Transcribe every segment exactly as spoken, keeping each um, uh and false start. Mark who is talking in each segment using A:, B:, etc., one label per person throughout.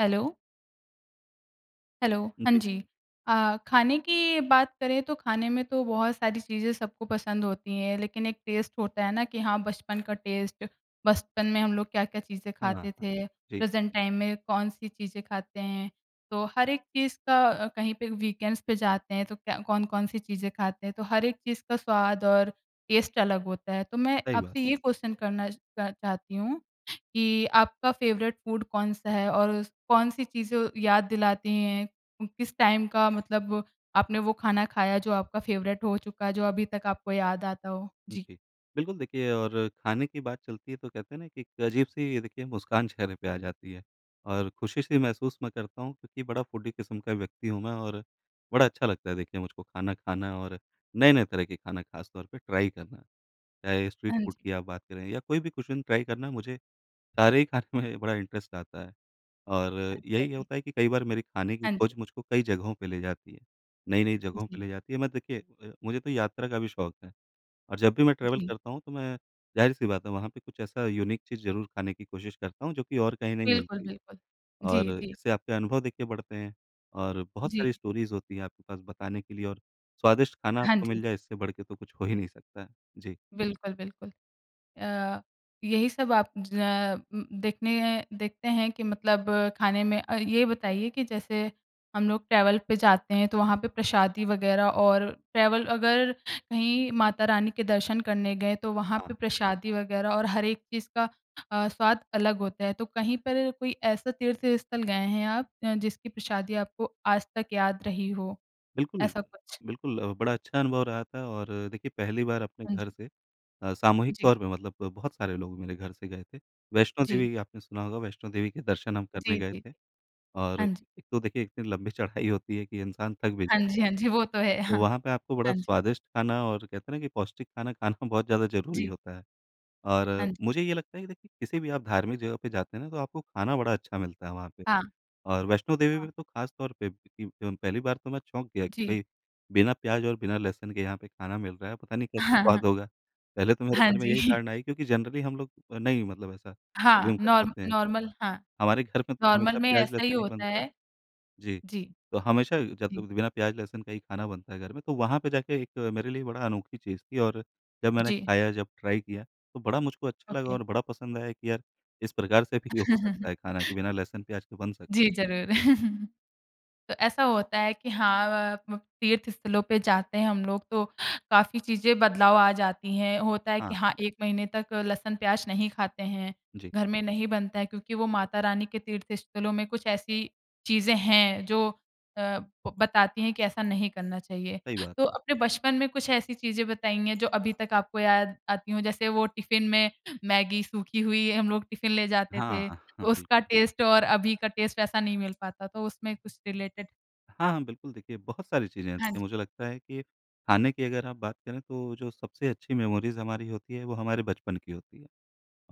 A: Hello. Hello, हाँ
B: जी।
A: जी। अ, ख़ाने की बात करें तो ख़ाने में तो बहुत सारी चीज़ें सबको पसंद होती हैं। लेकिन, एक टेस्ट होता है ना कि हाँ बचपन का टेस्ट बचपन में हम लोग क्या-क्या चीज़ें
B: हाँ,
A: ख़ाते
B: हाँ।
A: थे,
B: जी।
A: प्रेज़ेंट टाइम में कौन-सी चीज़ें ख़ाते हैं। तो हर एक चीज़ का अ, कहीं पे वीकेंड्स पे जाते हैं तो क्या कौन-कौन-सी चीज़ें खाते हैं। तो हर एक चीज़ का स्वाद और टेस्ट अलग होता है। तो मैं
B: सही बात।
A: आपसे ये क्वेश्चन करना अ, चाहती हूँ कि आपका फ़ेवरेट फूड कौन-सा है और उस कौन-सी चीज़ें याद दिलाती हैं उम, किस टाइम का मतलब आपने वो ख़ाना ख़ाया जो आपका फ़ेवरेट हो चुका, जो अभी तक आपको याद आता हो? जी।
B: जी। बिल्कुल देखिए, और ख़ाने की बात चलती है तो कहते हैं ना कि एक अजीब-सी देखिए मुस्कान चेहरे पे आ जाती है और ख़ुशी-सी महसूस मैं करता हूँ क्योंकि बड़ा फ़ूडी किस्म का व्यक्ति हूँ मैं और बड़ा अच्छा लगता है देखिए मुझको ख़ाना ख़ाना और नए-नए तरह के ख़ाना ख़ास तौर पर ट्राई करना। चाहे स्ट्रीट
A: हाँ
B: फूड
A: जी।
B: की आप बात करें या कोई भी कुज़ीन ट्राई करना मुझे सारे ही ख़ाने में बड़ा इंटरेस्ट आता है। और
A: अच्छा
B: यही
A: जी।
B: होता है कि कई बार मेरी ख़ाने की
A: हाँ जी।
B: ख़ोज मुझको कई जगहों पर ले जाती है, नई-नई जगहों पे
A: जी।
B: ले जाती है। मैं देखिए, अ, मुझे तो यात्रा का भी शौक है। और जब भी मैं ट्रैवल
A: जी।
B: करता हूँ तो मैं ज़ाहिर-सी बात है वहाँ पे कुछ ऐसा यूनिक चीज़ ज़रूर ख़ाने की कोशिश करता हूँ जो कि और कहीं नहीं
A: बिल्कुल,
B: मिलती है।
A: बिल्कुल। जी,
B: और
A: जी।
B: इससे आपके अनुभव देख के बढ़ते हैं और बहुत
A: जी।
B: सारी स्टोरीज़ होती है आपके पास बताने के लिए और स्वादिष्ट ख़ाना
A: हाँ
B: आपको
A: जी।
B: मिल जाए इससे बढ़के तो कुछ हो ही नहीं सकता है। जी।
A: बिल्कुल, बिल्कुल। अ, यही सब आप ज उम, देखने हैं देखते हैं कि मतलब ख़ाने में अ, ये बताइए कि जैसे हम लोग ट्रैवल पे जाते हैं तो वहाँ पे प्रसादी वग़ैरह और ट्रैवल अगर कहीं माता रानी के दर्शन करने गए तो वहाँ पे
B: हाँ।
A: प्रसादी वग़ैरह और हर एक चीज़ का अ, स्वाद अलग होता है। तो कहीं पर कोई ऐसा तीर्थ स्थल गए हैं आप अ, जिसकी प्रसादी आपको आज तक याद रही हो,
B: बिल्कुल,
A: ऐसा कुछ?
B: बिल्कुल अ, बड़ा अच्छा अनुभव रहा था और देखिए, पहली बार अपने
A: हाँ
B: घर
A: जी।
B: से अ, सामूहिक
A: जी।
B: तौर पे मतलब बहुत सारे लोग मेरे घर से गए थे। वैष्णो
A: जी।
B: देवी, आपने सुना होगा वैष्णो देवी के दर्शन हम करने
A: जी,
B: गए
A: जी।
B: थे। और
A: हाँ जी।
B: एक तो देखिए इतनी लंबी चढ़ाई होती है कि इंसान थक भी
A: हाँ जी,
B: जाता है।
A: हाँ जी, वो तो है,
B: तो
A: हाँ।
B: वहाँ पे आपको बड़ा
A: हाँ जी।
B: स्वादिष्ट ख़ाना और कहते हैं ना कि पौष्टिक ख़ाना ख़ाना बहुत ज़्यादा ज़रूरी
A: जी।
B: होता है। और
A: हाँ जी।
B: मुझे ये लगता है कि देखिए किसी भी आप धार्मिक जगह पे जाते हैं ना तो आपको ख़ाना बड़ा अच्छा मिलता है वहाँ पे।
A: हाँ।
B: और वैष्णो देवी के
A: हाँ।
B: लिए तो ख़ास तौर पे इ जो पहली बार तो मैं चौंक गया कि
A: जी।
B: भई बिना प्याज़ और बिना लहसुन के यहाँ पे ख़ाना मिल रहा है पता नहीं कैसे
A: हाँ, हाँ।
B: स्वाद होगा। पहले तो मेरे
A: हाँ
B: मन में
A: जी।
B: यही धारणा आई क्योंकि जनरली हम लोग नहीं मतलब ऐसा
A: हाँ,
B: अज़्यूम कर
A: नॉर
B: पाते हैं।
A: नॉर्मल हाँ।
B: हमारे घर में तो
A: नॉर्मल
B: हमेशा
A: में ऐसा ही
B: प्याज़-लहसुन ही
A: होता
B: बनता है।
A: है।
B: जी,
A: जी।
B: तो हमेशा जब
A: जी।
B: बिना प्याज़-लहसुन का ही ख़ाना बनता है घर में तो वहाँ पे जाके एक मेरे लिए बड़ा अनोखी चीज़ थी और जब मैंने
A: जी।
B: ख़ाया जब ट्राई किया, तो बड़ा मुझको अच्छा लगा
A: ओके
B: और बड़ा पसंद आया कि यार इस प्रकार से भी हो सकता है ख़ाना कि बिना लहसुन-प्याज़ के बन सक
A: जी ज़रूर। तो ऐसा होता है कि हाँ अ आप लोग तीर्थ स्थलों पे जाते हैं हम लोग तो काफ़ी चीज़ें बदलाव आ जाती हैं, होता है कि
B: हाँ।
A: हाँ एक महीने तक लहसुन-प्याज़ नहीं खाते हैं।
B: जी।
A: घर में नहीं बनता है क्योंकि वो माता रानी के तीर्थ स्थलों में कुछ ऐसी चीज़ें हैं जो अ, ब बताती हैं कि ऐसा नहीं करना चाहिए।
B: सही बात
A: तो
B: है।
A: अपने बचपन में कुछ ऐसी चीज़ें बताएँगे जो अभी तक आपको याद आती हो जैसे वो टिफ़िन में मैगी सूखी हुई, हम लोग टिफ़िन ले जाते
B: हाँ,
A: थे,
B: हाँ
A: तो
B: बिल्क
A: उसका टेस्ट और अभी का टेस्ट ऐसा नहीं मिल पाता, तो उसमें कुछ रिलेटेड?
B: हाँ, हाँ, बिल्कुल, देखिए बहुत सारी चीज़ें हैं।
A: हाँ जी।
B: देखिए मुझे लगता है कि खाने की अगर आप बात करें तो जो सबसे अच्छी मेमोरीज़ हमारी होती है वो हमारे बचपन की होती है।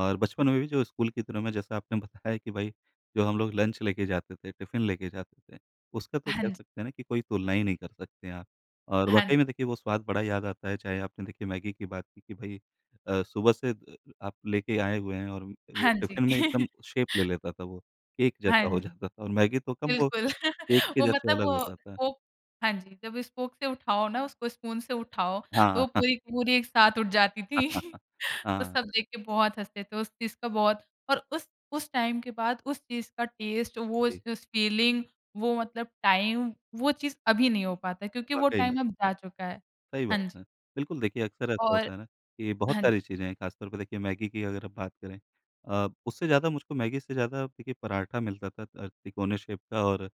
B: और बचपन
A: जी।
B: में भी जो स्कूल के दिनों में जैसा आपने बताया कि भई जो हम लोग लंच लेके जाते थे, टिफिन लेके जाते थे उसका तो
A: हाँ
B: कह
A: जी।
B: सकते हैं ना कि कोई तुलना ही नहीं कर सकते हैं आप। और वाकई
A: हाँ।
B: में देखिए वो स्वाद बड़ा याद आता है। चाहे आपने देखिए मैगी की बात की कि भई अ, सुबह से द अ आप लेके आए हुए हैं और उम, वो
A: हाँ जी।
B: टिफिन में एकदम शेप ले लेता था वो। केक
A: हाँ
B: जैसा हो
A: जी।
B: जाता था। और मैगी तो कम वो
A: बिल्कुल
B: केक के
A: वो
B: जैसे
A: मतलब
B: अलग
A: वो
B: होता था।
A: वो हाँ जी। जब स्पोक से उठाओ ना उसको स्पून से उठाओ
B: हाँ,
A: तो
B: हाँ।
A: वो पूरी-पूरी एक साथ उठ जाती थी। तो
B: हाँ।
A: सब देख के बहुत हँसते थे। उस चीज़ का बहुत और उस उस टाइम के बाद उस चीज़ का टेस्ट, वो
B: जी।
A: स उस फीलिंग, वो मतलब टाइम वो चीज़ अभी नहीं हो पाता है क्योंकि वो
B: वाकई
A: टाइम
B: में।
A: अब जा चुका है।
B: सही
A: हाँ
B: बात
A: जी।
B: है। बिल्कुल, देखिए अक्सर ऐसा
A: और
B: होता है ना कि बहुत
A: हाँ जी।
B: सारी चीज़ें हैं खास तौर पे देखिए मैगी की अगर आप बात करें अ, उससे ज़्यादा
A: जी।
B: मुझको मैगी से ज़्यादा देखिए पराठा मिलता था अ, तिकोने शेप का और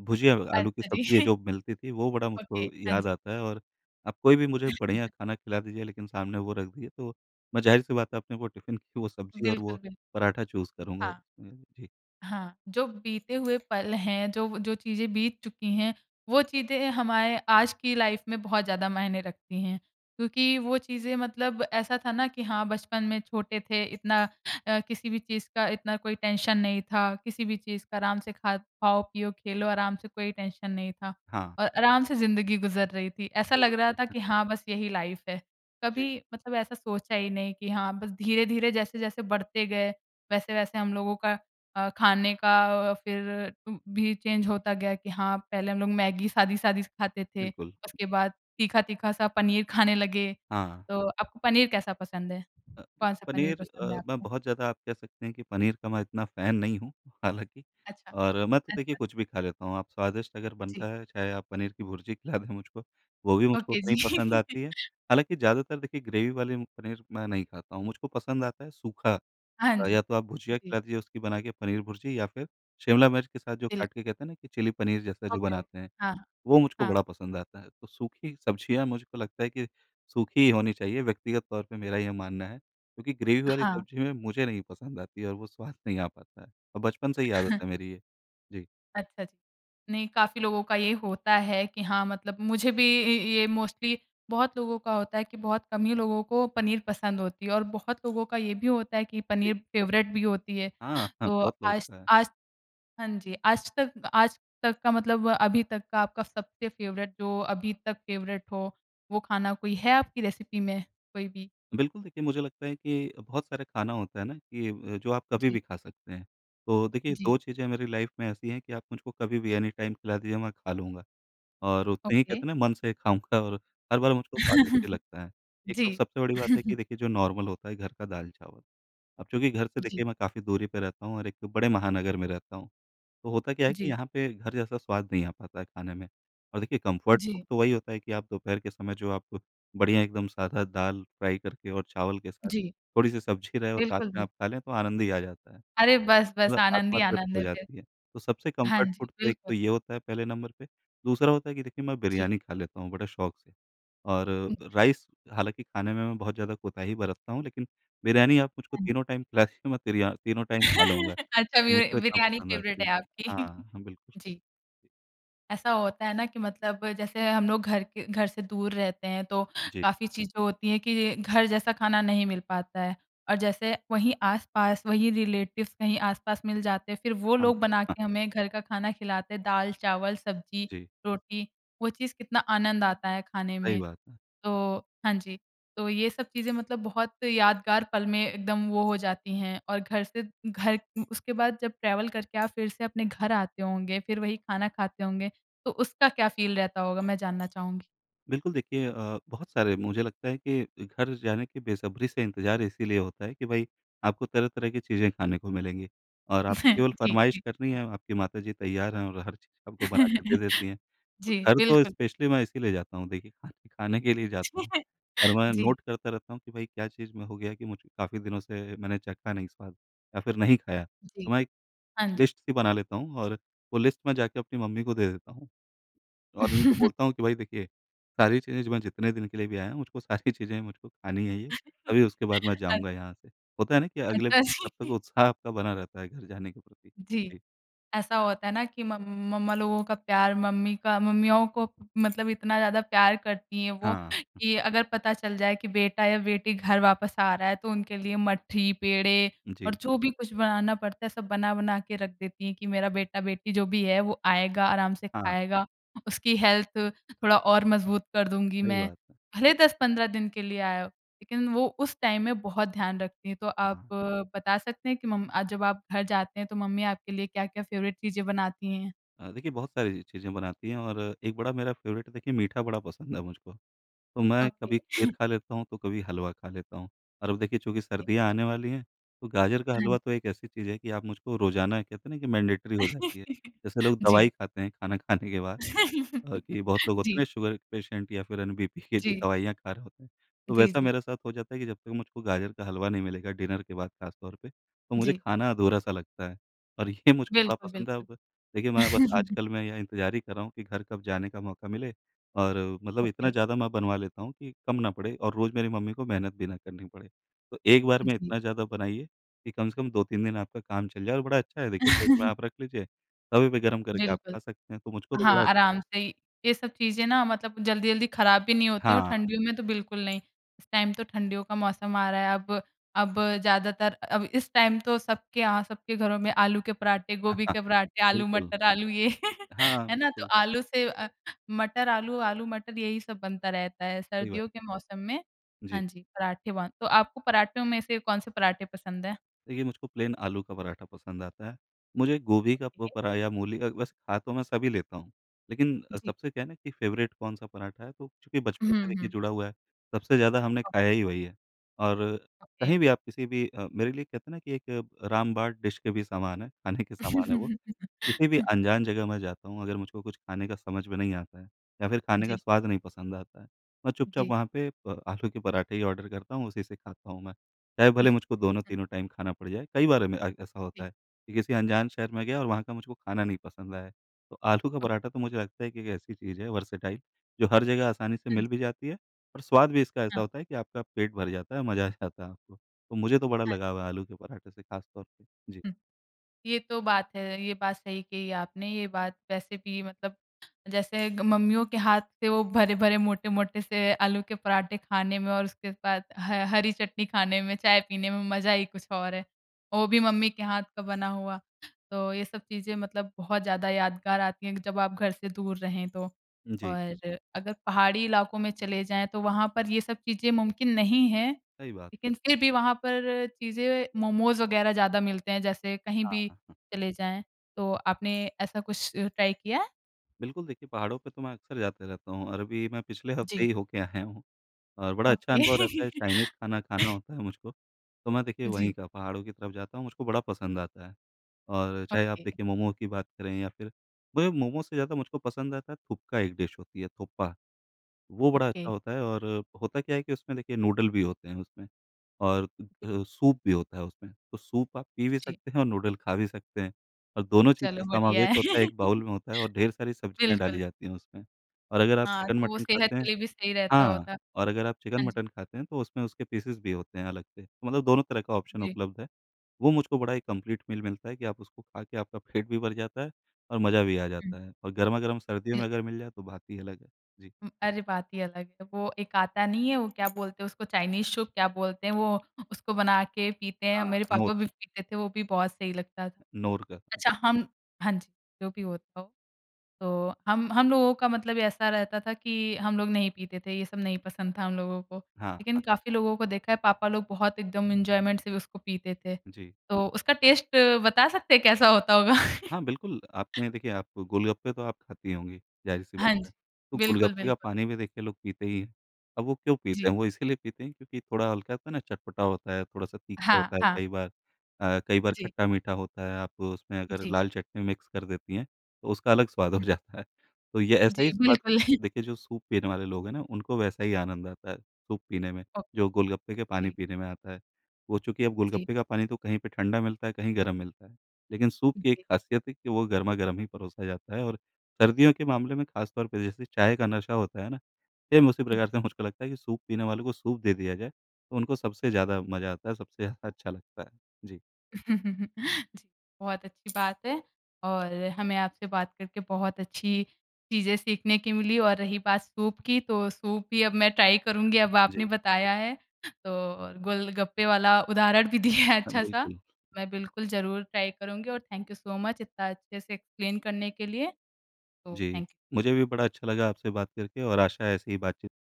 B: भुजिया आलू की
A: अच्छा
B: सब्ज़ी है
A: जी।
B: जो मिलती थी वो बड़ा
A: ओके
B: मुझको
A: हाँ
B: याद
A: जी।
B: आता है। और आप कोई भी मुझे बढ़िया खाना खिला दीजिए लेकिन सामने वो रख दीजिए तो मैं ज़ाहिर सी बात है अपने वो टिफिन की वो सब्ज़ी और
A: बिल्कुल,
B: वो
A: बिल
B: पराठा चूज़ करूँगा। अ,
A: हाँ।
B: जी।
A: हाँ। जो बीते हुए पल हैं, जो वो जो चीज़ें बीत चुकी हैं वो चीज़ें हमारे आज की लाइफ में बहुत ज़्यादा मायने रखती हैं। क्योंकि वो चीज़ें मतलब ऐसा था ना कि हाँ, बचपन में छोटे थे, इतना अ, किसी भी चीज़ का इतना कोई टेंशन नहीं था। किसी भी चीज़ का आराम से खा खाओ पियो खेलो आराम से कोई टेंशन नहीं था।
B: हाँ।
A: और आराम से ज़िन्दगी गुज़र रही थी, ऐसा लग
B: [unintelligible]
A: रहा था कि हाँ, बस यही लाइफ है।
B: जी।
A: कभी मतलब ऐसा सोचा ही नहीं कि हाँ, बस धीरे-धीरे, जैसे जैसे बढ़ते गए, वैसे-वैसे हम लोगों का अ, खाने का अ अ, फिर उम, भी चेंज होता गया कि हाँ, पहले हम लोग मैगी सादी-सादी सी खाते थे।
B: बिल्कुल।
A: उसके बाद तीखा-तीखा सा पनीर खाने लगे।
B: हाँ।
A: तो आपको पनीर कैसा पसंद है?
B: अ, देखिए
A: कौन-सा पनीर
B: पनीर अ,
A: पसंद है
B: मैं
A: आपको?
B: बहुत ज़्यादा आप कह सकते हैं कि पनीर का मैं इतना फैन नहीं हूँ हालाँकि।
A: अच्छा,
B: और मैं तो देखिए
A: अच्छा।
B: कुछ भी खा लेता हूँ। आप स्वादिष्ट अगर
A: जी।
B: बनता है चाहे आप पनीर की भुर्जी खिला दें मुझको वो भी मुझको
A: ओके
B: उतना ही
A: जी।
B: पसंद आती है। हालाँकि ज़्यादातर देखिए ग्रेवी वाली पनीर मैं नहीं खाता हूँ, मुझको पसंद आता है सूखा।
A: हाँ
B: अ,
A: जी,
B: या तो आप भुजिया
A: जी।
B: खिला दीजिए उसकी बना के पनीर भुर्जी या फिर शिमला मिर्च के साथ जो
A: बिल्क
B: काट के कहते हैं ना कि चिली पनीर जैसा जो
A: ओके,
B: बनाते हैं
A: ओके। हाँ,
B: वो मुझको
A: हाँ।
B: बड़ा पसंद आता है। तो सूखी सब्ज़ियाँ मुझको लगता है कि सूखी ही होनी चाहिए, व्यक्तिगत तौर पे मेरा ये मानना है। क्योंकि ग्रेवी वाली
A: हाँ।
B: सब्ज़ी में मुझे नहीं पसंद आती है और वो स्वाद नहीं आ पाता है। बचपन से ही आदत है मेरी ये। जी।
A: अच्छा जी। नहीं, काफ़ी लोगों का ये होता है कि हाँ, मतलब मुझे भी ये ये मोस्टली बहुत लोगों का होता है कि बहुत कम ही लोगों को पनीर पसंद होती है, और बहुत लोगों का ये भी होता है कि
B: जी।
A: पनीर फ़ेवरेट भी होती है।
B: हाँ, हाँ,
A: तो
B: बहुत लोगो
A: आज
B: का है।
A: आज हाँ जी, आज तक आज तक का मतलब अभी तक का आपका सबसे फ़ेवरेट, जो अभी तक फ़ेवरेट हो, वो खाना कोई है आपकी रेसिपी में कोई भी?
B: बिल्कुल, देखिए मुझे लगता है कि अ, बहुत सारे खाना होता है ना कि अ, जो आप कभी
A: जी।
B: भी खा सकते हैं। तो देखिए,
A: जी।
B: दो चीज़ें मेरी लाइफ में ऐसी हैं कि आप मुझको कभी भी एनीटाइम खिला दीजिए, मैं खा लूँगा, और उतने ही,
A: ओके।
B: कहते हैं ना, मन से खाऊँगा और हर बार मुझको स्वादिष्ट ही लगता है। एक तो
A: जी।
B: सबसे बड़ी बात है कि देखिए जो नॉर्मल होता है घर का दाल-चावल। अब चूंकि घर से
A: जी।
B: देखिए मैं काफ़ी दूरी पे रहता हूँ और एक बड़े महानगर में रहता हूँ, तो होता क्या है कि
A: जी।
B: यहाँ पे घर जैसा स्वाद नहीं आ पाता है खाने में। और देखिए कंफ़र्ट फ़ूड
A: जी।
B: तो वही होता है कि आप दोपहर के समय जो आप बढ़िया एकदम सादा दाल फ़्राई करके और चावल के साथ
A: जी।
B: थोड़ी-सी सब्ज़ी रहे और साथ
A: बिल्कुल,
B: में
A: बिल्कुल।
B: आप खा लें, तो आनंद ही आ जाता है,
A: अरे बस-बस,
B: मतलब
A: आनंद
B: आत्मा
A: ही
B: तृप्त
A: आनंद
B: हो
A: है फिर!
B: जाती है। तो सबसे
A: हाँ
B: कंफ़र्ट
A: जी,
B: फ़ूड तो एक तो
A: बिलकुल।
B: ये होता है पहले नंबर पे, दूसरा होता है कि देखिए मैं
A: जी।
B: बिरयानी खा लेता हूँ बड़े शौक से। और
A: उम,
B: अ,
A: जी।
B: राइस हालाँकि खाने में मैं बहुत ज़्यादा कोताही बरतता हूँ, लेकिन बिरयानी आप मुझको
A: अह
B: तीनों टाइम खिला दीजिए, मैं तिरियाँ तीनों टाइम खा लूँगा,
A: अच्छा
B: वो
A: वि वे
B: मुझको इतना
A: बिरयानी
B: पसंद
A: फ़ेवरेट
B: आती
A: है
B: है।
A: आपकी।
B: हाँ, हाँ बिल्कुल।
A: जी। ऐसा होता है ना कि मतलब जैसे हम लोग घर के घर से दूर रहते हैं तो
B: जी।
A: काफ़ी चीज़ें होती हैं कि घर जैसा खाना नहीं मिल पाता है। और जैसे वहीं आस-पास वहीं रिलेटिव्स कहीं आस-पास मिल जाते हैं फिर वो
B: हाँ,
A: लोग बना
B: हाँ।
A: के हमें घर का खाना खिलाते हैं दाल, चावल, सब्ज़ी,
B: जी।
A: रोटी वो चीज़ कितना आनंद आता है खाने
B: सही
A: में।
B: बात है।
A: तो, हाँ जी। तो ये सब चीज़ें मतलब बहुत यादगार पल में एकदम वो हो जाती हैं और घर से घर उसके बाद जब ट्रैवल करके आप फिर से अपने घर आते होंगे, फिर वही खाना खाते होंगे तो उसका क्या फ़ील रहता होगा मैं जानना चाहूँगी?
B: बिल्कुल देखिए अ, बहुत सारे मुझे लगता है कि घर जाने के बेसब्री से इंतज़ार इसीलिए होता है कि भई आपको तरह-तरह की चीज़ें खाने को मिलेंगी और आपको केवल
A: जी,
B: फ़रमाइश
A: जी।
B: करनी है आपकी माताजी तैयार हैं और हर चीज़ आपको बना के दे देती हैं। तो
A: जी,
B: घर तो
A: बिल्कुल।
B: स्पेशली मैं इसीलिए जाता हूँ देखिए खाने खाने के लिए जाता हूँ, और मैं
A: जी।
B: नोट करता रहता हूँ कि भई क्या चीज़ में हो गया कि मुझे काफ़ी दिनों से मैंने चखा नहीं स्वाद या फिर नहीं खाया
A: जी,
B: तो मैं एक
A: हाँ जी।
B: लिस्ट सी बना लेता हूँ और वो लिस्ट मैं जाके अपनी मम्मी को दे देता हूँ। और उनको बोलता हूँ कि भई देखिए सारी चीज़ें जो मैं जितने दिन के लिए भी आया हूँ मुझको सारी चीज़ें ही मुझको खानी है ये तभी उसके बाद मैं
A: अद
B: जाऊँगा यहाँ से होता है ना की अगले ब
A: अच्छा,
B: तब तक
A: जी।
B: उत्साह आपका बना रहता है घर जाने के प्रति।
A: जी,
B: जी।
A: ऐसा होता है ना कि मम मम्मा लोगों का प्यार मम्मी का मम्मियों को मतलब इतना ज़्यादा प्यार करती हैं वो
B: हाँ।
A: कि अगर पता चल जाए कि बेटा या बेटी घर वापस आ रहा है तो उनके लिए मठी पेड़े और
B: जी।
A: जो भी कुछ बनाना पड़ता है सब बना बना के रख देती हैं कि मेरा बेटा-बेटी जो भी है वो आएगा आराम से
B: हाँ।
A: खाएगा। उसकी हेल्थ थोड़ा और मजबूत कर दूँगी
B: सही
A: मैं।
B: बात है।
A: भले दस पंद्रह दिन के लिए आया हो। लेकिन वो उस टाइम में बहुत ध्यान रखती है। तो आप
B: हाँ।
A: बता सकते हैं कि मम अ, जब आप घर जाते हैं तो मम्मी आपके लिए क्या-क्या फेवरेट चीज़ें बनाती हैं?
B: अ, देखिए बहुत सारी चीज़ें बनाती हैं और एक बड़ा मेरा फ़ेवरेट है देखिए मीठा बड़ा पसंद है मुझको, तो मैं
A: ओके।
B: कभी खीर खा लेता हूँ तो कभी हलवा खा लेता हूँ और अब देखिए चूँकि
A: ओके।
B: सर्दियाँ आने वाली हैं तो गाजर का
A: हाँ जी।
B: हलवा तो एक ऐसी चीज़ है कि आप मुझको रोज़ाना कहते हैं ना कि मैंडेटरी हो जाती है जैसे लोग
A: जी।
B: दवाई खाते हैं खाना खाने के बाद अ, कि बहुत लोग होते हैं ना
A: जी।
B: शुगर क पेशेंट या फिर एन बीपी के जो
A: जी।
B: दवाइयाँ खा रहे होते हैं तो
A: जी,
B: वैसा
A: जी।
B: मेरे साथ हो जाता है कि जब तक मुझको गाजर का हलवा नहीं मिलेगा डिनर के बाद ख़ास तौर पे तो मुझे
A: जी।
B: खाना अधूरा-सा लगता है। और ये मुझको बड़ा
A: बिल्कुल,
B: पसंद है
A: बिल्कुल।
B: अब देखिए मैं बस आजकल मैं ये इंतज़ार ही कर रहा हूँ कि घर कब जाने का मौका मिले, और मतलब इतना
A: ओके।
B: ज़्यादा मैं बनवा लेता हूँ कि कम ना पड़े और रोज़ मेरी मम्मी को मेहनत भी ना करनी पड़े तो एक बार में
A: जी।
B: इतना ज़्यादा बनाइए कि कम से कम दो तीन दिन आपका काम चल जाए और बड़ा अच्छा है देखिए फ्रिज में आप रख लीजिए कभी भी गरम करके आप
A: बिल्कुल।
B: खा सकते हैं तो मुझको तो बड़ा
A: हाँ, आराम से ही ये सब चीज़ें ना मतलब जल्दी-जल्दी खराब भी नहीं होती है और
B: हाँ।
A: ठंडियों में तो बिल्कुल नहीं। इस टाइम तो ठंडियों का मौसम आ रहा है अब अब ज़्यादातर अब इस टाइम तो सबके यहाँ सबके घरों में आलू के पराठे गोभी के पराठे आलू
B: बिल्कुल।
A: मटर आलू ये
B: हाँ,
A: है ना? तो
B: बिल्कुल।
A: आलू से मटर आलू आलू मटर यही सब बनता रहता है
B: सही बात है।
A: सर्दियों के मौसम में
B: जी।
A: हाँ जी, पराठे वान तो आपको पराठों में से कौन-से पराठे पसंद हैं?
B: देखिए, मुझको प्लेन आलू का पराठा पसंद आता है। मुझे गोभी का प
A: ओके।
B: परा या मूली का वैसे खा तो मैं सभी लेता हूँ, लेकिन
A: जी।
B: सबसे क्या है ना कि फ़ेवरेट कौन-सा पराठा है, तो चूँकि बचपन
A: हुँ,
B: से देखिए
A: हुँ।
B: जुड़ा हुआ है, सबसे ज़्यादा हमने
A: हुँ।
B: खाया ही वही है, और
A: ओके।
B: कहीं भी आप किसी भी अ, मेरे लिए कहते हैं ना कि एक रामबाण डिश के भी समान है, खाने के समान है वो। किसी भी अनजान जगह मैं जाता हूँ, अगर मुझको कुछ खाने का समझ में नहीं आता है, या फिर खाने का
A: जी।
B: स्वाद नहीं पसंद आता है, मैं चुपचाप
A: जी।
B: वहाँ पे अ, आलू के पराठे ही ऑर्डर करता हूँ, उसी से खाता हूँ मैं। चाहे भले मुझको दोनों-तीनों टाइम खाना पड़ जाए। कई बार मे आइक ऐसा होता
A: जी।
B: है कि किसी अनजान शहर में गया और वहाँ का मुझको खाना नहीं पसंद आया, तो आलू का
A: अ
B: पराठा तो मुझे लगता है कि एक ऐसी चीज़ है, वर्सेटाइल, जो हर जगह आसानी से
A: हाँ।
B: मिल भी जाती है और स्वाद भी इसका ऐसा
A: हाँ।
B: होता है कि आपका पेट भर जाता है, मज़ा आ जाता है आपको। तो मुझे तो बड़ा
A: हाँ।
B: लगाव है आलू के पराठे से खास तौर पे। जी।
A: हुँ। ये तो बात है। ये बात सही कही आपने। ये बात वैसे भी मतलब जैसे ग मम्मियों के हाथ से वो भरे-भरे, मोटे-मोटे से आलू के पराठे खाने में और उसके बाद ह हरी चटनी खाने में, चाय पीने में मज़ा ही कुछ और है। और वो भी मम्मी के हाथ का बना हुआ। तो ये सब चीज़ें मतलब बहुत ज़्यादा यादगार आती हैं कि जब आप घर से दूर रहें तो।
B: जी।
A: और अगर पहाड़ी इलाकों में चले जाएँ, तो वहाँ पर ये सब चीज़ें मुमकिन नहीं हैं,
B: सही बात है।
A: लेकिन फिर भी वहाँ पर चीज़ें, मोमोज़ वग़ैरह ज़्यादा मिलते हैं, जैसे कहीं
B: हाँ,
A: भी
B: हाँ।
A: चले जाएँ। तो आपने ऐसा कुछ ट्राय किया है?
B: बिल्कुल, देखिए, पहाड़ों पे तो मैं अक्सर जाते रहता हूँ और अभी मैं पिछले हफ़्ते
A: जी।
B: ही हो के आया हूँ, और बड़ा अच्छा
A: ओके।
B: अनुभव रहता है। चाइनीज़ खाना खाना होता है मुझको, तो मैं देखिए, वहीं
A: जी।
B: का पहाड़ों की तरफ जाता हूँ, मुझको बड़ा पसंद आता है। और चाहे आप
A: ओके।
B: देखिए, मोमो की बात करें, या फिर पर ये मोमोज़ से ज़्यादा मुझको पसंद आता है, थुकपा एक डिश होती है, थोपा। वो बड़ा
A: ओके।
B: अच्छा होता है, और होता क्या है कि उसमें देखिए, नूडल भी होते हैं उसमें और अ
A: जी।
B: अ, सूप भी होता है उसमें। तो सूप आप पी भी
A: जी।
B: सकते हैं और नूडल खा भी सकते हैं और दोनों चीज़
A: चलो,
B: का
A: बढ़िया
B: समावेश
A: है।
B: होता है। एक बाउल में होता है और ढेर सारी सब्ज़ियाँ डाली
A: बिल्कुल।
B: जाती हैं उसमें। और अगर आप
A: हाँ, तो वो
B: चिकन-मटन
A: सेहत
B: खाते
A: के
B: हैं
A: लिए भी सही रहता
B: हाँ,
A: होता।
B: और अगर आप
A: हाँ जी।
B: चिकन-मटन खाते हैं, तो उसमें उसके पीसेज़ भी होते हैं अलग से। मतलब दोनों तरह का ऑप्शन
A: जी।
B: उपलब्ध है। वो मुझको बड़ा ही कम्प्लीट मील मिलता है कि आप उसको खा के आपका पेट भी भर जाता है और मज़ा भी आ
A: हुँ।
B: जाता है और गरमागर्म सर्दियों में
A: [unintelligible]
B: अगर मिल जाए, तो बात ही अलग है। जी।
A: उम, अरे! बात ही अलग है। वो एक आता नहीं है, वो क्या बोलते हैं उसको? चाइनीज़ सूप, क्या बोलते हैं वो? उसको बना के पीते हैं।
B: हाँ
A: मेरे
B: नोट।
A: पापा भी पीते थे, वो भी बहुत सही लगता था।
B: नोट का।
A: अच्छा, हम हाँ जी, जो भी होता हो। तो हम हम लोगों का मतलब ऐसा रहता था कि हम लोग नहीं पीते थे, ये सब नहीं पसंद था हम लोगों को।
B: हाँ,
A: लेकिन
B: हाँ।
A: काफ़ी लोगों को देखा है, पापा लोग बहुत एकदम एंजॉयमेंट से उसको पीते थे।
B: जी।
A: तो उसका टेस्ट बता सकते हैं, कैसा होता होगा?
B: हाँ, बिल्कुल, आपने देखिए, आप गोलगप्पे तो आप खाती होंगी, ज़ाहिर सी
A: हाँ
B: बात
A: जी।
B: है। तो
A: बिल्कुल,
B: गोलगप्पे का
A: बिल्कुल।
B: पानी भी देखिए लोग पीते ही हैं। अब वो क्यों पीते
A: जी।
B: हैं? वो इसीलिए पीते हैं, क्योंकि थोड़ा हल्का, कहते हैं ना, चटपटा होता है, थोड़ा-सा तीखा
A: हाँ,
B: होता है,
A: हाँ।
B: कई बार अ, कई बार
A: जी।
B: खट्टा-मीठा होता है। आप उसमें अगर
A: जी।
B: लाल चटनी मिक्स कर देती हैं, तो उसका अलग स्वाद हो
A: हुँ।
B: जाता है। तो ये ऐसा ही
A: जी,
B: स्वाद,
A: बिल्कुल।
B: देखिए, जो सूप पीने वाले लोग हैं ना, उनको वैसा ही आनंद आता है सूप पीने में,
A: ओके।
B: जो गोलगप्पे का पानी
A: जी।
B: पीने में आता है। वो चूँकि अब
A: जी।
B: गोलगप्पे का पानी तो कहीं पे ठंडा मिलता है, कहीं गरम मिलता है। लेकिन सूप की एक
A: जी।
B: ख़ासियत है कि वो गरमागरम ही परोसा जाता है और सर्दियों के मामले में ख़ासतौर पे, जैसे चाय का नशा होता है ना, सेम उसी
A: हुँ।
B: प्रकार से मुझको लगता है कि सूप पीने वालों को सूप दे दिया जाए, तो उनको सबसे ज़्यादा मज़ा आता है, सबसे ज़्यादा अच्छा लगता है। जी।
A: जी, बहुत अच्छी बात है, और हमें आपसे बात करके बहुत अच्छी चीज़ें सीखने की मिली और रही बात सूप की, तो सूप ही अब मैं ट्राय करुँगी, अब आपने
B: जी।
A: बताया है तो, और गोलगप्पे वाला उदाहरण भी दिया है
B: हाँ,
A: अच्छा सा।
B: बिल्कुल।
A: मैं बिल्कुल, ज़रूर ट्राय करुँगी और थैंक यू सो मच, इतना अच्छे से एक्सप्लेन करने के लिए। तो
B: जी,
A: थैंक यू।
B: मुझे भी बड़ा अच्छा लगा आपसे बात करके और आशा है, ऐसे ही बातचीत